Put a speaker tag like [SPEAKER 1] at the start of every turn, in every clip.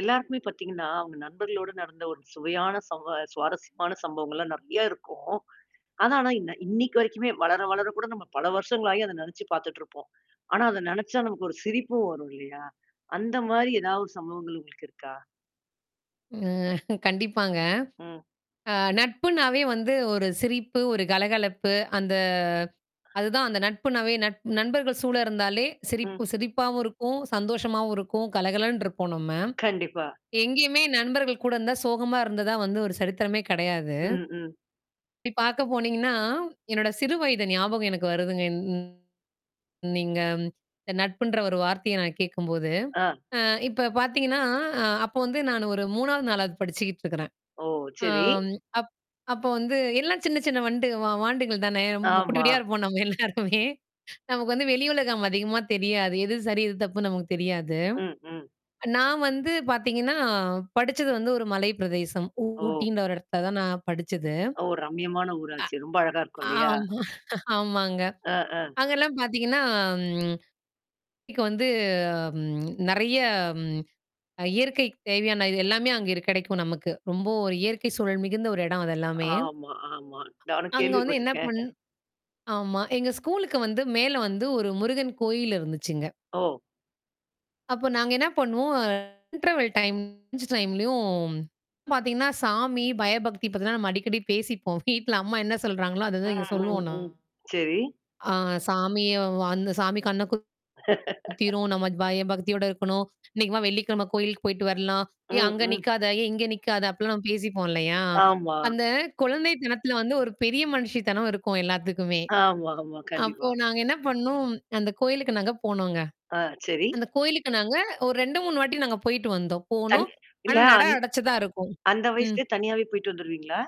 [SPEAKER 1] எல்லாருக்குமே பாத்தீங்கன்னா, அவுங்க நண்பர்களோட நடந்த ஒரு சுவையான சம்பவ சுவாரஸ்யமான சம்பவங்கள்லாம் நெறையா இருக்கும். ஆனா ஆனா, இன்ன இன்னைக்கு வரைக்குமே வளர வளரக் கூட நம்ப பல வருஷங்களாயும் அத நெனச்சு பாத்துட்டுருப்போம். ஆனா அதை நெனச்சா, நமக்கு ஒரு சிரிப்பும் வரும் இல்லையா? அந்த மாரி ஏதாவது சம்பவங்கள் உங்களுக்கு இருக்கா?
[SPEAKER 2] ம் கண்டிப்பாங்க.
[SPEAKER 1] ம்.
[SPEAKER 2] அ நட்புன்னாவே வந்து, ஒரு சிரிப்பு, ஒரு கலகலப்பு. அந்த அதுதான். அந்த நட்புன்னாவே நட நண்பர்கள் சூழ இருந்தாலே சிரிப்பு
[SPEAKER 1] ம்.
[SPEAKER 2] சிரிப்பாவும் இருக்கும், சந்தோஷமாவும் இருக்கும், கல கலன்னு இருப்போம் நம்ம.
[SPEAKER 1] கண்டிப்பா.
[SPEAKER 2] எங்கயுமே நண்பர்கள் கூட இருந்தா, சோகமா இருந்ததா வந்து ஒரு சரித்திரமே கெடையாது.
[SPEAKER 1] ம். ம்.
[SPEAKER 2] இப்டி பாக்க போனீங்கன்னா, என்னோட சிறு வயது ஞாபகம் எனக்கு வருதுங்க. நீங்க ம் நட்புன்ற ஒரு வார்த்தைய நான் கேக்கும்போது,
[SPEAKER 1] ஆ.
[SPEAKER 2] அ இப்ப பாத்தீங்கன்னா அ அப்போ வந்து நான் ஒரு 3வது, 4வது படிச்சுக்கிட்டு இருக்குறேன்.
[SPEAKER 1] ஓ, சரி,
[SPEAKER 2] அம் அப் அப்போ வந்து எல்லாம் சின்னச் சின்ன வாண்டு வாண்டுகள் தானே! ம்ம குட்டி,
[SPEAKER 1] ஆமா.
[SPEAKER 2] குட்டியா இருப்போம். நம்ம எல்லாருமே நமக்கு வந்து வெளியுலகம் அதிகமா தெரியாது. எது சரி? எது தப்புன்னு நமக்குத் தெரியாது.
[SPEAKER 1] ம். ம்.
[SPEAKER 2] நான் வந்து பாத்தீங்கன்னா, படிச்சது வந்து ஒரு மலைப்பிரதேசம்.
[SPEAKER 1] ஓ.
[SPEAKER 2] ஊட்டின்ற ஒரு எடத்துல தான் படிச்சது.
[SPEAKER 1] ஓ, ரம்மியமான ஊராச்சே! ரொம்ப அழகா இருக்கும்
[SPEAKER 2] அ
[SPEAKER 1] இல்லையா?
[SPEAKER 2] ஆமா, ஆமாங்க.
[SPEAKER 1] அ. ஆ.
[SPEAKER 2] அங்கல்லாம் பாத்தீங்கன்னா, ம் இங்க வந்து ம் நெறையா ம் அ இயற்கைக்கு தேவையான இது எல்லாமே அங்க இரு கெடைக்கும் நமக்கு. ரொம்ப ஒரு இயற்கை சூழல் மிகுந்த ஒரு எடம். அது எல்லாமே!
[SPEAKER 1] ஆமா, ஆமா. நானும்
[SPEAKER 2] அங்க வந்து என்னா
[SPEAKER 1] கேள்விப்பட்டிருக்கேன்.
[SPEAKER 2] பண்ணு ஆமா. எங்க ஸ்கூலுக்கு வந்து, மேல வந்து ஒரு முருகன் கோயில் இருந்துச்சுங்க.
[SPEAKER 1] ஓ.
[SPEAKER 2] அப்போ நாங்க என்னா பண்ணுவோம். இன்டெர்வல் டைம், லஞ்சு டைமுலயும் பாத்தீங்கன்னா சாமி, பயபக்தி பத்திலாம் நம்ம அடிக்கடி பேசிப்போம். வீட்டுல அம்மா என்னா சொல்றாங்களோ, அத தான் இங்க
[SPEAKER 1] ம். ம்.
[SPEAKER 2] சொல்லுவோம் நா
[SPEAKER 1] ம். சரி.
[SPEAKER 2] அ "சாமி அந்தச் சாமியும் வ அந்த சாமி கண்ணு குத்திரும், நம்ம பய பக்தியோட இருக்கணும், இன்னைக்கு வா வெள்ளிக்கிழம கோயிலுக்குப் போயிட்டு வரலாம், ஏய்
[SPEAKER 1] ம்.
[SPEAKER 2] அங்க
[SPEAKER 1] ம்.
[SPEAKER 2] நிக்காத! ஏய் இங்க நிக்காத!" அப்படின்லாம் பேசிப்போம் இல்லையா?
[SPEAKER 1] ஆமா.
[SPEAKER 2] அந்த குழந்தைத்தனத்துல வந்து ஒரு பெரிய மனுஷித்தனம் இருக்கும், எல்லாத்துக்குமே.
[SPEAKER 1] ஆமா, ஆமா.
[SPEAKER 2] அப்போ
[SPEAKER 1] கண்டிப்பா.
[SPEAKER 2] நாங்க என்னா பண்ணோம், அந்த கோயிலுக்கு நாங்க போனோங்க.
[SPEAKER 1] ஆ, சரி.
[SPEAKER 2] அந்த கோயிலுக்கு நாங்க ஒரு 2, 3 வாட்டி நாங்க போயிட்டு வந்தோம்.
[SPEAKER 1] தன்
[SPEAKER 2] போனோம்.
[SPEAKER 1] இல்ல
[SPEAKER 2] ஆனா நடை
[SPEAKER 1] அந்
[SPEAKER 2] அடைச்சு தான் இருக்கும்.
[SPEAKER 1] அந்த
[SPEAKER 2] ம்.
[SPEAKER 1] வயசுலயே தனியாவே போயிட்டு வந்துருவீங்களா?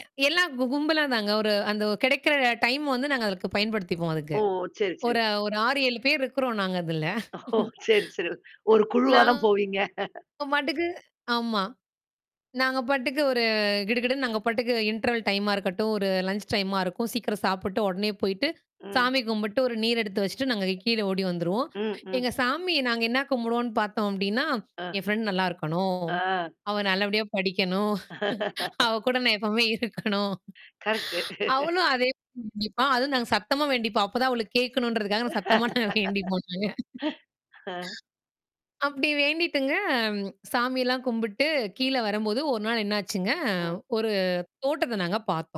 [SPEAKER 2] எ எல்லாம் கு கும்பலா தாங்க. ஒரு அந்த கெடைக்கிற டைம் வந்து நாங்க அதுக்கு பயன்படுத்திப்போம் அதுக்கு.
[SPEAKER 1] ஓ, சரி, சரி,
[SPEAKER 2] ஒரு
[SPEAKER 1] சரி.
[SPEAKER 2] ஒரு 6, 7 பேர் இருக்கிறோம். நாங்க அதுல.
[SPEAKER 1] ஓ, சரி, சரி. ஒரு குழுவா
[SPEAKER 2] நாங்க
[SPEAKER 1] தான் போவீங்க.
[SPEAKER 2] பாட்டுக்கு ஆமா. நாங்க பாட்டுக்கு ஒரு அ கிடு கிடுன்னு நாங்க பாட்டுக்கு இன்டர்வல் டைமா இருக்கட்டும். ஒரு லன்ச் டைமா இருக்கும். சீக்கிரம் சாப்பிட்டு, உடனே போயிட்டு,
[SPEAKER 1] ம்.
[SPEAKER 2] சாமி கும்பிட்டு, ஒரு நீர் எடுத்து வச்சிட்டு, நாங்க கீழே ஓடி வந்துருவோம்.
[SPEAKER 1] ம். ம்.
[SPEAKER 2] எங்க சாமி நாங்க என்னா கும்பிடுவோம்ன்னு பாத்தோம் அப்படின்னா,
[SPEAKER 1] ஆ.
[SPEAKER 2] "என் ஃபிரண்டு நல்லா இருக்கணும்!
[SPEAKER 1] ஆ.
[SPEAKER 2] அவ நல்லபடியா படிக்கணும். அவ கூட நான் எப்பவுமே இருக்கணும்"
[SPEAKER 1] கரெக்ட்டு.
[SPEAKER 2] அவளும் அதே தான் வேண்டிப்பா அதும் நாங்க சத்தமா வேண்டிப்போம். அப்பத் தான் அவளுக்குக் கேக்கணும்ன்றதுக்காக நான் சத்தமா நாங்க வேண்டிப்போம் நாங்க.
[SPEAKER 1] அ.
[SPEAKER 2] அப்படி வேண்டிட்டுங்க, சாமி எல்லாம் கும்பிட்டு, கீழ வரும்போது 1 நாள் என்னாச்சுங்க?
[SPEAKER 1] ம்.
[SPEAKER 2] ஒரு தோட்டத்தை நாங்க பாத்தோம்.